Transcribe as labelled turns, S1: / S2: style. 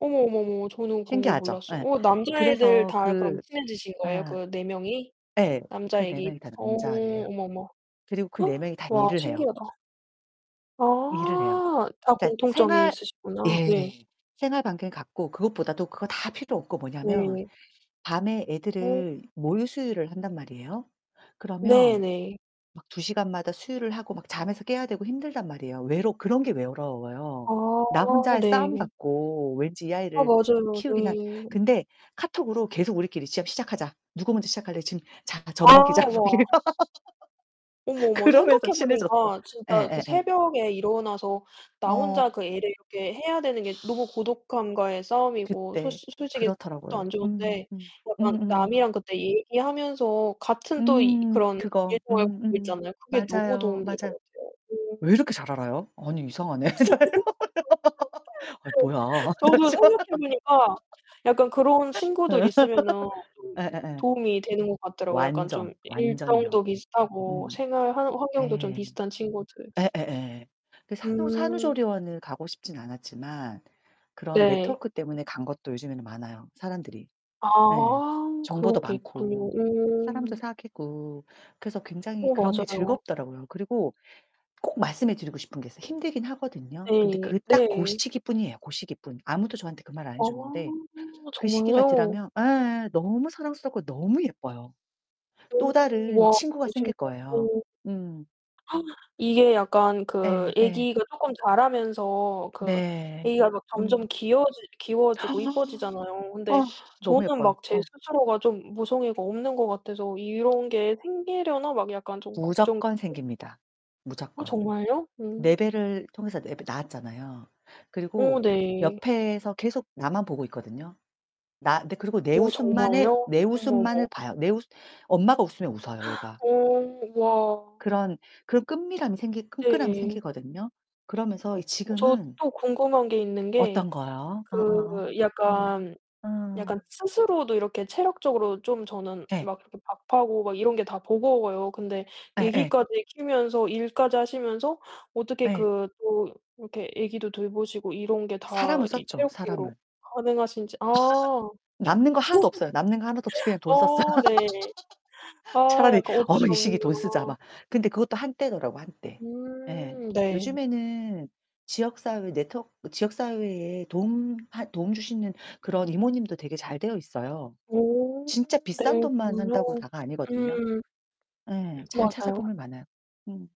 S1: 어머, 어머, 어머. 저는 그런 걸
S2: 신기하죠.
S1: 몰랐어요.
S2: 예.
S1: 어, 남자애들
S2: 그래서
S1: 다 그럼
S2: 그
S1: 친해지신 거예요?
S2: 예.
S1: 그 4 명이?
S2: 예, 그 4
S1: 남자애기
S2: 명이 다
S1: 어,
S2: 남자아이에요.
S1: 어머, 어머.
S2: 그리고 그 4 명이 다
S1: 와,
S2: 일을 해요.
S1: 신기하다.
S2: 일을 해요.
S1: 아 다
S2: 네.
S1: 공통점이
S2: 생활
S1: 있으시구나. 예.
S2: 예. 생활반경이 같고 그것보다도 그거 다 필요 없고 뭐냐하면
S1: 네.
S2: 밤에
S1: 어.
S2: 애들을 모유 수유를 한단 말이에요.
S1: 네,
S2: 그러면
S1: 네.
S2: 막 2 시간마다 수유를 하고 막 잠에서 깨야 되고 힘들단 말이에요. 외로 그런 게 외로워요. 나
S1: 아,
S2: 혼자의 싸움
S1: 네.
S2: 같고 왠지 이
S1: 아,
S2: 아이를
S1: 맞아요.
S2: 키우긴 한
S1: 네.
S2: 근데 카톡으로 계속 "우리끼리 시작 시작하자. 누가 먼저 시작할래? 지금 자
S1: 아,
S2: 젖먹이자." 뭐
S1: 와.
S2: 이런.
S1: 어머머,
S2: 그러면서
S1: 생각해
S2: 친해졌어.
S1: 보니까 진짜 그
S2: 예예예.
S1: 새벽에 일어나서 나 혼자
S2: 어.
S1: 그 애를 이렇게 해야 되는 게 너무 고독함과의 싸움이고 솔
S2: 그때.
S1: 솔직히 새벽도
S2: 그렇더라고요.
S1: 안 좋은데
S2: 음음음.
S1: 약간
S2: 음음.
S1: 남이랑 그때 얘기하면서 같은 또 이
S2: 음,
S1: 그런
S2: 그거.
S1: [unintelligible]
S2: 음 음.
S1: 있잖아요. 그게 너무
S2: 맞아요,
S1: 도움이 될 것
S2: 맞아.
S1: 같아요.
S2: 왜
S1: 그
S2: 이렇게 잘 알아요? 아니 이상하네. 아이, 뭐야? 나
S1: 저도
S2: 진짜.
S1: 생각해 보니까 약간 그런 친구들
S2: 음.
S1: 있으면은 좀
S2: 예예예.
S1: 도움이 되는 것 같더라고요. 약간 좀
S2: 완전,
S1: 이
S2: 완전요.
S1: 일정도 비슷하고
S2: 음.
S1: 생활 환 환경도 좀
S2: 예.
S1: 비슷한 친구들.
S2: 예예예예. 그 산후
S1: 음.
S2: 산후조리원을 가고 싶진 않았지만 그런
S1: 네.
S2: 네트워크 때문에 간 것도 요즘에는 많아요, 사람들이. 네.
S1: 아,
S2: 정보도
S1: 그런 게 있군요.
S2: 많고, 사람도
S1: 음.
S2: 사귀고. 그래서 굉장히
S1: 어,
S2: 그런 게
S1: 맞아요.
S2: 즐겁더라고요. 그리고 꼭 말씀해 드리고 싶은 게 있어요. 힘들긴 하거든요. 근데
S1: 네,
S2: 그 딱 그
S1: 네.
S2: 시기뿐이에요, 그 시기뿐. 아무도 저한테 그 말 안 해
S1: 아,
S2: 줬는데. 그 시기가
S1: 정말요?
S2: 덜하면 에예, 너무 사랑스럽고 너무 예뻐요. 또
S1: 음,
S2: 다른
S1: 와,
S2: 친구가 생길 거예요.
S1: [unintelligible]
S2: 음.
S1: 이게 약간 그
S2: 예예.
S1: 애기가 쪼끔 자라면서 그
S2: 네.
S1: 애기가 점점
S2: 음.
S1: 귀여워지 귀여워지고 예뻐지잖아요. 근데
S2: 너무
S1: 저는
S2: 예뻐요.
S1: 막 제
S2: 어.
S1: 스스로가 좀 모성애가 없는 것 같아서 '이런 게 생기려나?' 막 약간 좀 걱정
S2: 무조건 생깁니다,
S1: 어,
S2: 무조건.
S1: 정말요?
S2: 내
S1: 음.
S2: 배를 통해서 내가 낳았잖아요.
S1: 오,
S2: 그리고
S1: 네.
S2: 옆에서 계속 나만 보고 있거든요. 나 근데 그리고 내
S1: 오,
S2: 웃음만의,
S1: 정말요?
S2: 내
S1: 어머,
S2: 웃음만을
S1: 어머.
S2: 봐요. 내 웃 엄마가 웃으면 웃어요, 얘가.
S1: 오, 와.
S2: 그런 그 끈밀함이 생기 끈끈함이
S1: 네.
S2: 생기거든요. 그러면서 이
S1: 어, 저
S2: 지금은
S1: 또 궁금한 게 있는
S2: 어떤
S1: 게
S2: 거요? 어어어,
S1: 그
S2: 어.
S1: 약간, 약간
S2: 어.
S1: 스스로도 이렇게 체력적으로 좀 저는
S2: 예.
S1: 막 그 밥하고 막 이런 게 다 버거워요. 근데
S2: 예예.
S1: 애기까지 키우면서 일까지 하시면서 어떻게
S2: 예.
S1: 그 또 이렇게 애기도 돌보시고 이런 게
S2: 그
S1: 다
S2: 사람을
S1: 이
S2: 썼죠,
S1: 체력적으로
S2: 사람을.
S1: 가능하신지. 아.
S2: 남는 거 하나도 없어요. 남는 거 하나도 없이 그냥 돈 썼어요.
S1: 어, 네. 아,
S2: 차라리
S1: 약간
S2: "어
S1: 어쩔 수
S2: 이 시기에
S1: 없는
S2: 돈 쓰자, 막."
S1: 거구나.
S2: 근데 그것도 한때더라고요, 한때.
S1: 음, 네.
S2: 요즘에는 지역 사회 네트워크 지역 사회에 도움 하 도움 주시는 그런 이모님도 되게 잘 되어 있어요.
S1: 오.
S2: 진짜 비싼 돈만
S1: 그렇군요
S2: 한다고 다가 아니거든요.
S1: 음.
S2: 예, 잘
S1: 맞아요.
S2: 찾아보면 많아요. 음.